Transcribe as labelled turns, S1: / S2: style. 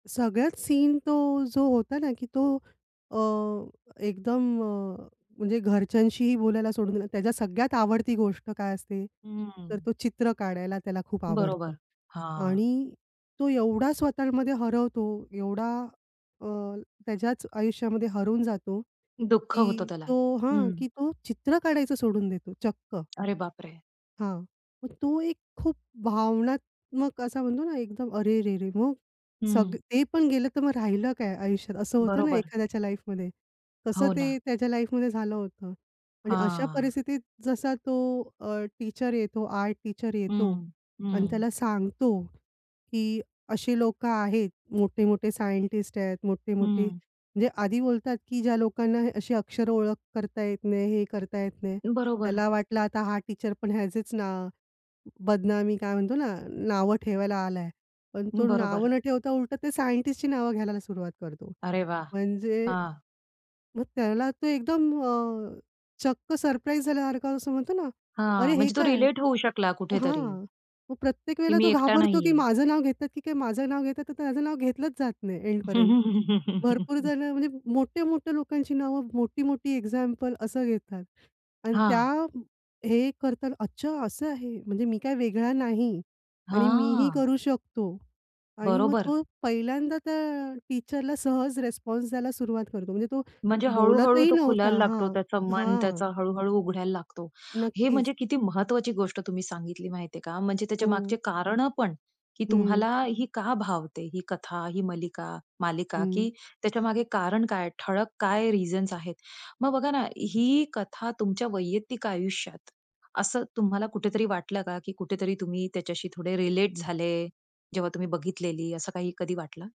S1: सगळ्यात सीन तो जो होता ना, की तो अ, एकदम अ, म्हणजे घरच्यांशीही बोलायला सोडून दिला. त्याच्या सगळ्यात आवडती गोष्ट काय असते? तर
S2: हं.
S1: तो चित्र काढायला त्याला खूप आवडतं.
S2: बरोबर. हां.
S1: आणि तो एवढा स्वतःमध्ये हरवतो एवढा, अ, त्याच्याच आयुष्यामध्ये हरवून जातो,
S2: दुःख होतं
S1: की
S2: त्याला.
S1: तो हां,
S2: हं.
S1: की तो चित्र काढायचं सोडून देतो चक्क.
S2: अरे बापरे!
S1: हां, मग तो एक खूप भावनात्मक असा म्हणतो ना, एकदम अरे रे रे! मग,
S2: हं.
S1: सगळं ते पण गेलं, तर मग राहिलं काय आयुष्यात, असं होतं ना
S2: बरोबर.
S1: एखाद्याच्या लाईफमध्ये. तसं
S2: हो ना.
S1: ते त्याच्या लाईफमध्ये झालं होतं आणि अशा
S2: हां.
S1: परिस्थितीत जसा तो अ, टीचर येतो, आर्ट टीचर येतो
S2: हं,
S1: आणि
S2: हं.
S1: त्याला सांगतो, की अशी लोकं आहेत, मोठे-मोठे सायंटिस्ट आहेत, मोठे-मोठे.
S2: हं.
S1: जे आधी बोलतात, की ज्या लोकांना अशी अक्षरं ओळख करता येत नाही, हे करता येत नाही,
S2: बरोबर.
S1: त्याला वाटलं आता हा टीचरपण ह्याचेच ना बदनामी काय म्हणतो ना नावं ठेवायला आलाय. पण तो नावं
S2: बरोबर.
S1: न ठेवता उलट ते सायंटिस्टची नावं घ्यायला सुरुवात करतो.
S2: अरे वाह!
S1: म्हणजे
S2: हां.
S1: मग त्याला तो एकदम अ, चक्क सरप्राईज झाल्यासारखं असं म्हणतो ना, अरे
S2: हां,
S1: हे
S2: म्हणजे तो
S1: काय?
S2: रिलेट होऊ शकला कुठेतरी.
S1: हां, मग प्रत्येक
S2: की
S1: वेळेला
S2: मी
S1: तो
S2: एकटा
S1: घाबरतो, की
S2: नाहीये.
S1: माझं नाव घेतात की काय, माझं नाव घेतात की काय, तर त्याचं नाव घेतलंच जात नाही एंडपर्यंत. भरपूर जणं म्हणजे मोठे, मोठ्या लोकांची नावं, मोठी-मोठी एक्झाम्पल असं घेतात. आणि त्या
S2: हां.
S1: हे करतात. अच्छा असं आहे, म्हणजे मी काय वेगळा नाही आणि मी ही
S2: हां.
S1: करू शकतो आणि मग
S2: बरोबर.
S1: तो पहिल्यांदा त्या टीचरला सहज रिस्पॉन्स द्यायला सुरुवात करतो. म्हणजे तो
S2: म्हणजे हळू-हळू
S1: बोलतही
S2: तो खुलायला
S1: नव्हता
S2: लागतो,
S1: हां,
S2: त्याचं मन
S1: हां.
S2: त्याचा हळू-हळू उघडायला लागतो. हे
S1: नक्कीच.
S2: म्हणजे किती महत्त्वाची गोष्ट तुम्ही सांगितली माहितीये का. म्हणजे त्याच्यामागची
S1: हो.
S2: कारणं पण, की
S1: हं.
S2: तुम्हाला ही का भावते ही कथा, ही मालिका, मालिका की
S1: हं.
S2: त्याच्यामागे कारण काय, ठळक काय रिझन्स आहेत. मग बघा ना, ही कथा तुमच्या वैयक्तिक आयुष्यात, असं तुम्हाला कुठेतरी वाटलं का, की कुठेतरी तुम्ही त्याच्याशी थोडे रिलेट झाले? जेव्हा तुम्ही बघितलेली, असं काही कधी वाटलं?